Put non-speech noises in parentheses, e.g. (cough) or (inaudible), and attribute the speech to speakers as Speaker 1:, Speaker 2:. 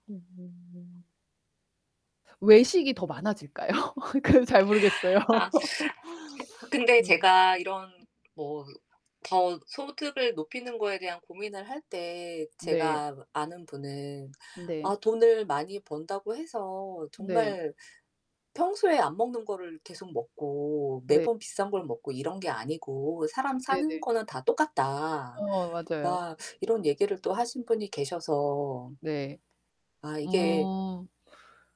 Speaker 1: 음.
Speaker 2: 외식이 더 많아질까요? 그래서 잘 모르겠어요.
Speaker 1: 아
Speaker 2: (laughs)
Speaker 1: 근데
Speaker 2: 음.
Speaker 1: 제가 이런 뭐 더 소득을 높이는 거에 대한 고민을 할 때에
Speaker 2: 네.
Speaker 1: 제가 뭐 아는 분은
Speaker 2: 네.
Speaker 1: "아 돈을 많이 번다고 해서
Speaker 2: 네.
Speaker 1: 정말 평소에 안 먹는 거를 계속 먹고
Speaker 2: 네.
Speaker 1: 매번 비싼 걸 먹고 이런 게 아니고 사람 사는
Speaker 2: 네네.
Speaker 1: 거는 다 똑같다."
Speaker 2: 어 맞아요.
Speaker 1: 막 이런 얘기를 또 하신 분이 계셔서
Speaker 2: 네.
Speaker 1: 아 이게
Speaker 2: 음.